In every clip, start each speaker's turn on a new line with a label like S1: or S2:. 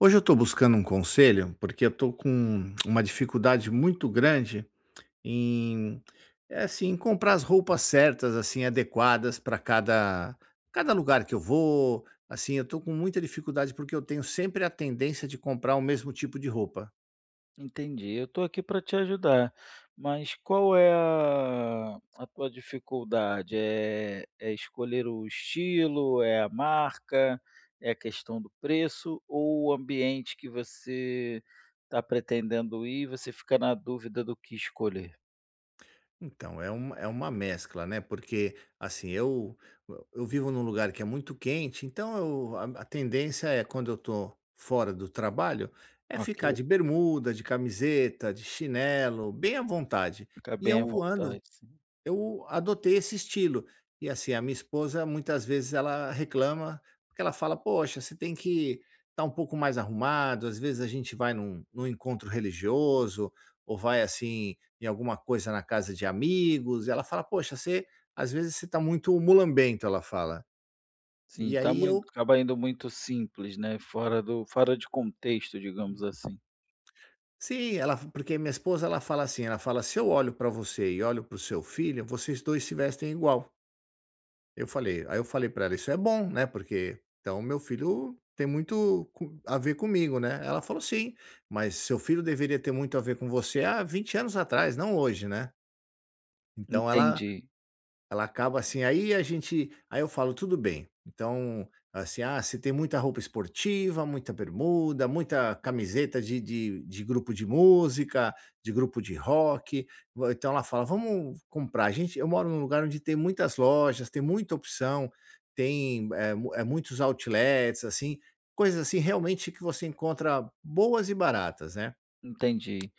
S1: Hoje eu tô buscando um conselho, porque eu tô com um uma dificuldade muito grande em eh, assim, em comprar as roupas certas, assim, adequadas pra cada cada lugar que eu vou, assim, eu tô com muita dificuldade porque eu tenho sempre a tendência de comprar o mesmo tipo de roupa.
S2: Entendi. Eu tô aqui para te ajudar! Mas qual é a a tua dificuldade, eh, é escolher o estilo, é a marca, é a questão do preço ou o ambiente que você tá pretendendo ir, você fica na dúvida do que escolher?
S1: Então, é um é uma mescla, né, porque, assim, eu e eu vivo num lugar que é muito quente então, eu, a a tendência é quando eu tô fora do trabalho, é
S2: Ok.
S1: ficar de bermuda, de camiseta, de chinelo, bem à vontade,
S2: Fica
S1: e
S2: bem à
S1: eu
S2: vontade,
S1: ando
S2: sim.
S1: eu adotei esse estilo. E assim, a minha esposa muitas vezes ela reclama, porque ela fala: "Poxa você tem que tá um pouco mais arrumado". Às vezes a gente vai num num encontro religioso, ou vai assim em alguma coisa na casa de amigos, ela fala: "Poxa você, às vezes, você tá muito mulambento!" Ela fala,
S2: Sim
S1: e
S2: tá
S1: aí
S2: muito
S1: eu
S2: acaba indo muito simples, né, fora do, fora de contexto, digamos assim.
S1: Sim ela porque, minha esposa ela fala assim, ela fala: "Se eu olho pra você e olho pro seu filho, vocês dois se vestem igual." Eu falei aí eu falei pra ela: "isso é bom, né, porque, então o meu filho tem muito com a ver comigo né?". Ela falou: "sim, mas seu filho deveria ter muito a ver com você há 20 anos atrás, não hoje né?". Então ela
S2: Entendi.
S1: ela acaba assim aí a gente, aí eu falo: "tudo bem", então assim, ah, se tem muita roupa esportiva, muita bermuda, muita camiseta de de de grupo de música, de grupo de rock vo, então ela fala: "vamos comprar". A gente eu moro num lugar onde tem muitas lojas, tem muita opção, tem é mu é muitos outlets assim, coisas assim realmente que você encontra boas e baratas, né?
S2: Entendi.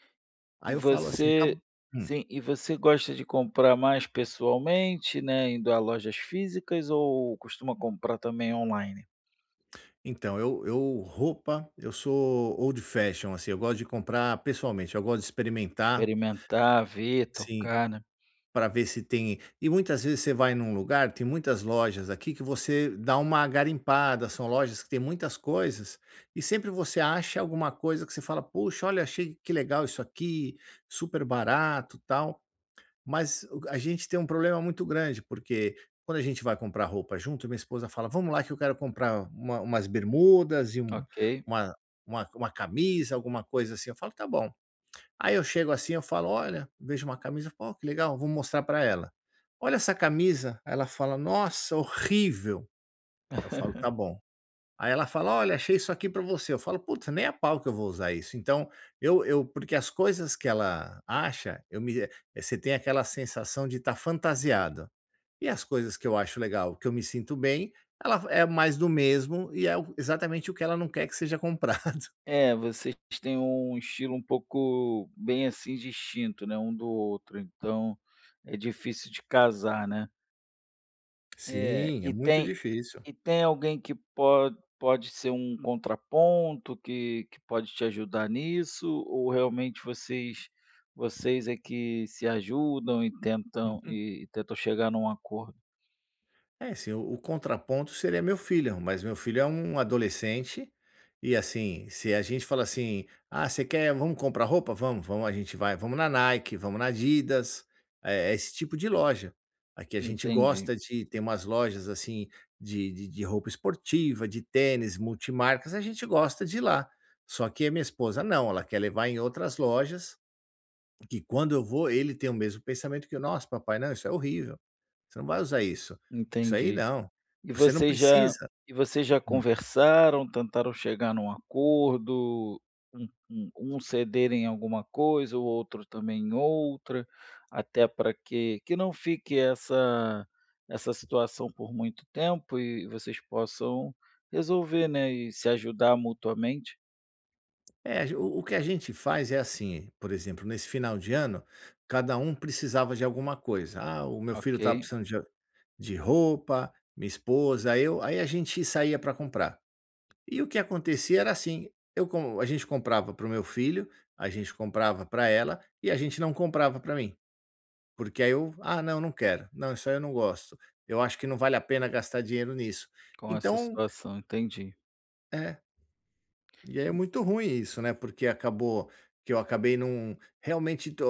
S1: Aí
S2: E
S1: eu falo assim: "tá
S2: você
S1: bo". Hum.
S2: sim, e você gosta de comprar mais pessoalmente, né, indo a lojas físicas ou costuma comprar também on-line?
S1: Então eu eu roupa, eu sou old fashion, assim, eu gosto de comprar pessoalmente, eu gosto de experimentar
S2: Experimentar, ver,
S1: Sim,
S2: tocar, né?
S1: pra ver se tem e muitas vezes você vai num lugar, tem muitas lojas aqui que você dá uma garimpada, são lojas que têm muitas coisas, e sempre você acha alguma coisa que você fala: "puxa, olha achei, que legal isso aqui, super barato, tal". Mas uga a gente tem problema muito grande, porque quando a gente vai comprar roupa junto, minha esposa fala: "vamos lá que eu quero comprar uma umas bermudas e um
S2: Ok.
S1: uma uma uma camisa alguma coisa assim", eu falo: "tá bom". Aí eu chego assim eu falo: "olha", vejo uma camisa, "ó, que legal vou mostrar pra ela!". "Olha essa camisa", aí ela fala: "nossa, horrível!". Aí eu falo: "tá bom". Aí ela fala: "olha, achei isso aqui pra você", eu falo: "puta, nem a pau que eu vou usar isso!" então, eu eu porque as coisas que ela acha, eu me eh você tem aquela sensação de tá fantasiado. E as coisas que eu acho legal, que eu me sinto bem, ela fa é mais do mesmo e é o exatamente o que ela não quer que seja comprado.
S2: É, vocês tem um estilo um pouco, bem assim distinto, né, um do outro, então é difícil de casar, né? Eh,
S1: Sim. É
S2: e
S1: muito
S2: tem
S1: difícil.
S2: e tem alguém que pode pode ser um contraponto, que que pode te ajudar nisso ou realmente vocês vocês é que se ajudam e tentam
S1: Uhum.
S2: e tentam chegar num acordo?
S1: É, assim, o o contraponto seria meu filho, mas meu filho é um adolescente, e assim, se a gente fala assim: "Ah você quer vamo comprar roupa?" "Vamo, vamo". A gente vai, vamos na Nike, vamos na Adidas. É é esse tipo de loja. Aqui a gente
S2: Entendi.
S1: gosta de tem umas lojas assim de de de roupa esportiva, de tênis multimarcas. A gente gosta de ir lá. Só que a minha esposa não. Ela quer levar em outras lojas que quando eu vou ele tem o mesmo pensamento que eu: "Nossa papai, não". "Isso é horrível". "Você não vai usar isso". "Isso aí
S2: Entendi.
S1: não".
S2: E
S1: "Você não
S2: vocês já
S1: precisa".
S2: e vocês já
S1: Hum.
S2: conversaram, tentaram chegar num acordo, um um um cederem alguma coisa, o outro também em outra? Até pra que que não fique essa essa situação por muito tempo e vocês possam resolver, né, e se ajudar mutuamente?
S1: É. A ge o o que a gente faz é assim: por exemplo nesse final de ano, cada um precisava de alguma coisa, ah o meu filho estava
S2: Ok.
S1: precisando de de roupa, minha esposa, eu. Aí a gente saía pra comprar. E o que acontecia era assim: eu como a gente comprava pro meu filho, a gente comprava pra ela e a gente não comprava pra mim porque aí eu "Ah não, não quero". "Não, isso aí eu não gosto". "Eu acho que não vale a pena gastar dinheiro nisso".
S2: Com essa
S1: Então
S2: situação Entendi.
S1: É. E é
S2: Hum.
S1: muito ruim isso né porque acabou que eu acabei num realmente do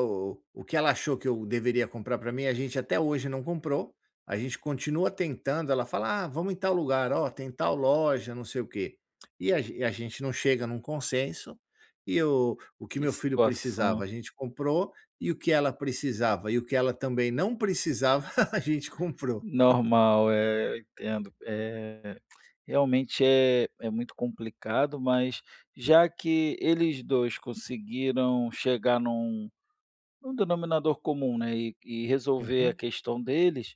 S1: o o que ela achou que eu deveria comprar pra mim a gente até hoje não comprou. A gente continua tentando. Ela fala: "Ah vamos em tal lugar". "Olha, tem tal loja não sei o quê". E a ge e a gente não chega num consenso, e o o que
S2: Que
S1: meu filho precisava,
S2: situação.
S1: a gente comprou, e o que ela precisava e o que ela também não precisava a gente comprou.
S2: Normal. Eh, eu entendo. Eh, realmente é é muito complicado, mas já que eles dois conseguiram chegar num num denominador comum, né, e e resolver a
S1: Uhum.
S2: questão deles,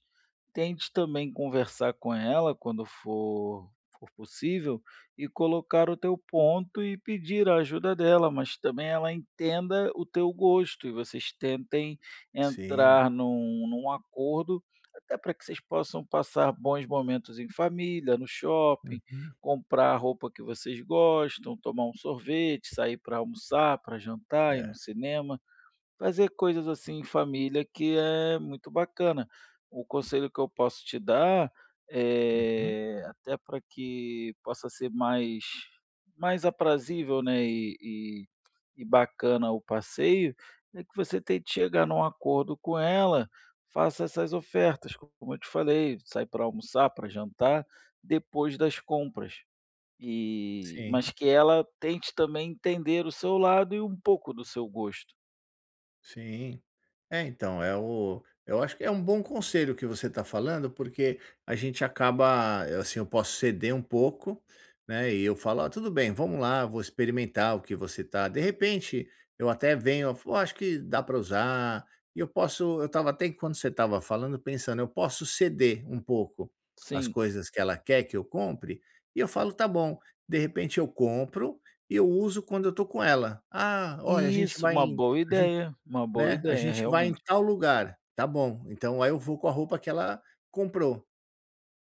S2: tente também conversar com ela quando for for possível e colocar o teu ponto e pedir a ajuda dela. Mas também ela entenda o teu gosto e vocês tentem
S1: Sim.
S2: entrar num num acordo até pra que vocês possam passar bons momentos em família, no shopping,
S1: Uhum.
S2: comprar a roupa que vocês gostam, tomar um sorvete, sair pra almoçar, pra jantar, ir no
S1: É.
S2: cinema. Fazer coisas assim em família que é muito bacana. O conselho que eu posso te dar
S1: Uhum.
S2: é até pra que possa ser mais mais aprazível né e e e bacana o passeio, é que você tente que chegar num acordo com ela. Faça essas ofertas, co como eu te falei. Sai pra almoçar, pra jantar, depois das compras. E
S1: Sim.
S2: mas que ela tente também entender o seu lado e um pouco do seu gosto.
S1: Sim. É, então É o Eu acho que é um bom conselho que você tá falando porque a gente acaba, assim, eu posso ceder um pouco né e eu falo: "Olha, tudo bem. Vamos lá, vou experimentar o que você tá De repente, eu até venho "Oh, eu acho que dá para usar". Eu posso Eu estava até quando você estava falando pensando: eu posso ceder um pouco as
S2: Sim.
S1: coisas que ela quer que eu compre e eu falo tá bom. De repente eu compro e eu uso quando eu tô com ela. "Ah, olha, a gente
S2: Isso.
S1: vai
S2: Uma boa
S1: a gente
S2: ideia! Uma boa
S1: né, a
S2: ideia
S1: gente vai em
S2: realmente.
S1: tal lugar". Tá bom. Então aí eu vou com a roupa que ela comprou.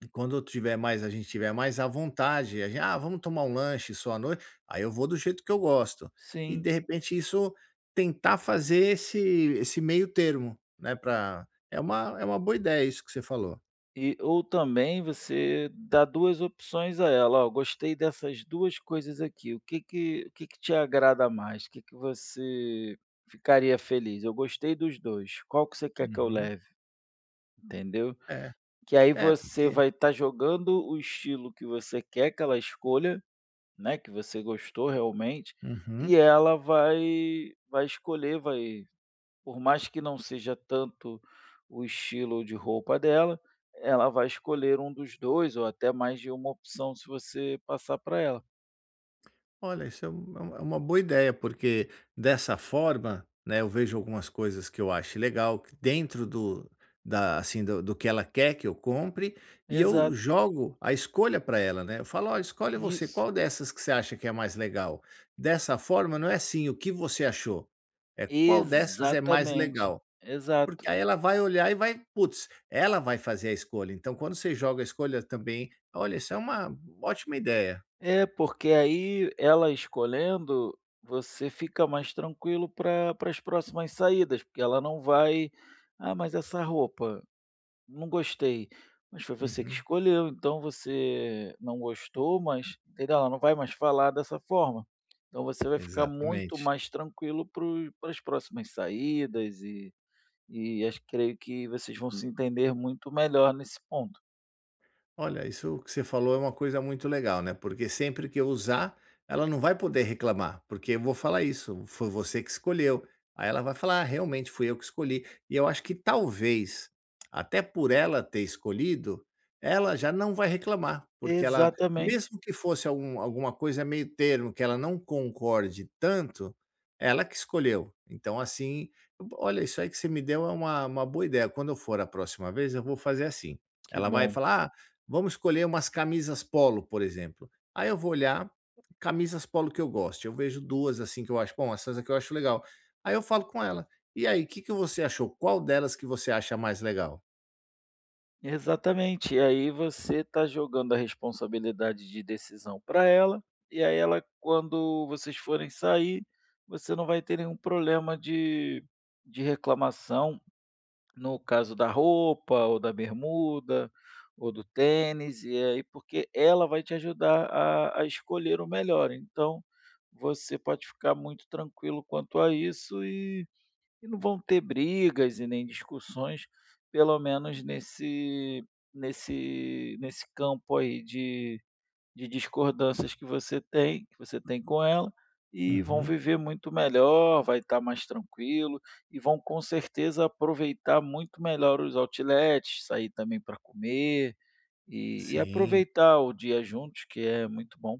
S1: E quando eu tiver mais a gente tiver mais à vontade, a gente "Ah vamos tomar lanche só à noite", aí eu vou do jeito que eu gosto. E
S2: Sim.
S1: de repente isso tentar fazer esse esse meio termo, né pra É uma é uma boa ideia isso que você falou.
S2: E, ou também, você dá 2 opções a ela. "Oh, eu gostei dessas 2 coisas aqui". "O que que o que que te agrada mais? "O que que você ficaria feliz?". "Eu gostei dos 2". "Qual você quer que eu
S1: Uhum.
S2: leve?" Entendeu?
S1: É.
S2: Que aí
S1: É
S2: você
S1: porque
S2: vai tá jogando o estilo que você quer que ela escolha, né, que você gostou realmente,
S1: Uhum.
S2: e ela vai vai escolher, vai Por mais que não seja tanto o estilo de roupa dela, ela vai escolher um dos 2 ou até mais de uma opção se você passar para ela.
S1: Olha, isso é uma é uma é uma boa ideia, porque dessa forma, né, eu vejo algumas coisas que eu acho legal, dentro do da assim do do que ela quer que eu compre. E eu
S2: Exato.
S1: jogo a escolha pra ela, né? Eu falo: "Olha, escolhe você".
S2: Isso.
S1: "Qual dessas que você acha que é mais legal?". Dessa forma, não é assim "o que você achou?". É "qual dessas é mais
S2: Exatamente.
S1: legal?".
S2: Exato
S1: Porque aí
S2: e
S1: ela vai olhar e vai putz ela vai fazer a escolha. Então, quando você joga a escolha também Olha, isso é uma ótima ideia!
S2: É porque aí ela escolhendo, você fica mais tranquilo para para as próximas saídas porque ela não vai "Ah, mas essa roupa?", "Não gostei". "Mas foi você que
S1: Uhum.
S2: escolheu". "Então, você não gostou, mas legal". Ela não vai mais falar dessa forma. Então, você vai ficar muito
S1: Exatamente.
S2: mais tranquilo pro pras próximas saídas e e acho creio que vocês vão se entender muito melhor nesse ponto.
S1: Olha, isso que você falou é uma coisa muito legal, né, porque sempre que eu usar, ela não vai poder reclamar, porque eu vou falar isso: "Foi você que escolheu". Aí ela vai falar: "Realmente fui eu que escolhi", e eu acho que talvez, até por ela ter escolhido, ela já não vai reclamar. Porque ela
S2: Exatamente.
S1: mesmo que fosse algum alguma coisa meio termo, que ela não concorde tanto ela que escolheu. Então assim, bo olha isso aí que você me deu é uma uma boa ideia, quando eu for a próxima vez eu vou fazer assim,
S2: Que
S1: ela vai
S2: bom.
S1: falar: "Ah vamos escolher umas camisas polo", por exemplo aí eu vou olhar, camisas polo que eu goste, eu vejo duas assim que eu acho bom essas aqui eu acho legal aí eu falo com ela: "E aí que que você achou, qual delas que você acha mais legal?"
S2: Exatamente, aí você tá jogando a responsabilidade de decisão pra ela, e aí ela quando vocês forem sair, você não vai ter nenhum problema de de reclamação, no caso da roupa, ou da bermuda, ou do tênis e aí porque ela vai te ajudar a a escolher o melhor. Então você pode ficar muito tranquilo quanto a isso, e e não vão ter brigas e nem discussões pelo menos nesse nesse nesse campo aí, de de discordâncias que você tem que você tem com ela e vão
S1: Uhum.
S2: viver muito melhor, vai estar mais tranquilo, e vão com certeza aproveitar muito melhor os outlets, sair também pra comer e e
S1: Sim.
S2: aproveitar o dia juntos que é muito bom.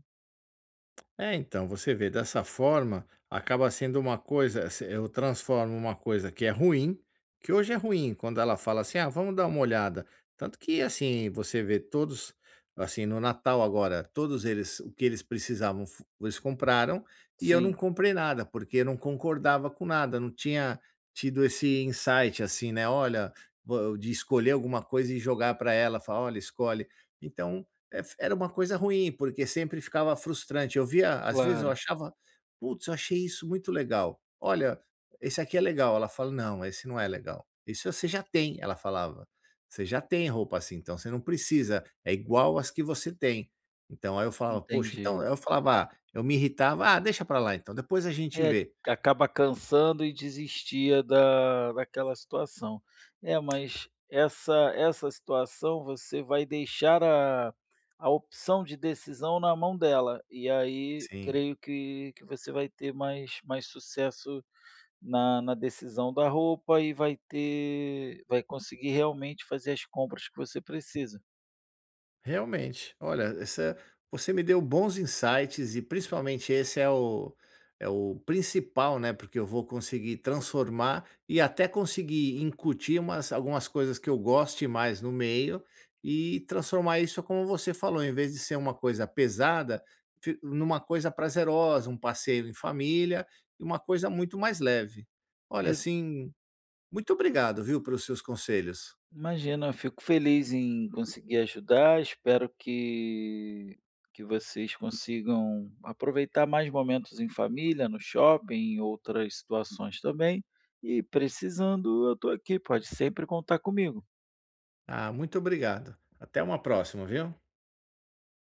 S1: É então, você vê dessa forma, acaba sendo uma coisa se eu transformo uma coisa que é ruim, que hoje é ruim quando ela fala assim: "Ah vamos dar uma olhada". Tanto que assim você vê todos assim no Natal agora, todos eles o que eles precisavam fu eles compraram e eu não
S2: Sim.
S1: comprei nada porque eu não concordava com nada, não tinha tido esse insight assim, né, olha, vo de escolher alguma coisa e jogar pra ela e falar: "Olha escolhe". Então ef era uma coisa ruim porque sempre ficava frustrante, eu via às vezes eu
S2: Claro.
S1: achava, putz eu achei isso muito legal: "Olha, esse aqui é legal", ela fala: "Não, esse não é legal isso você já tem", ela falava: "Você já tem roupa assim, então você não precisa, é igual as que você tem". Então aí eu falo: "Poxa..."
S2: Entendi.
S1: então eu falava, ah, eu me irritava: "Ah deixa pra lá então depois a gente
S2: É,
S1: vê".
S2: acaba cansando e desistia da daquela situação. É mas essa essa situação você vai deixar a a opção de decisão na mão dela, e aí,
S1: Sim.
S2: creio que que você vai ter mais mais sucesso na na decisão da roupa e vai ter vai conseguir realmente fazer as compras que você precisa.
S1: Realmente, olha essa você me deu bons insights e principalmente esse é o é o principal, né, porque eu vou conseguir transformar e até conseguir incutir umas algumas coisas que eu goste mais no meio e transformar isso, como você falou, em vez de ser uma coisa pesada fic numa coisa prazerosa, um passeio em família e uma coisa muito mais leve. Olha
S2: Exa
S1: assim, muito obrigado, viu, pelos seus conselhos.
S2: Imagina, fico feliz em conseguir ajudar. Espero que que vocês consigam aproveitar mais momentos em família, no shopping, em outras situações também e precisando, eu tô aqui pode sempre contar comigo.
S1: Ah, muito obrigado, até uma próxima, viu.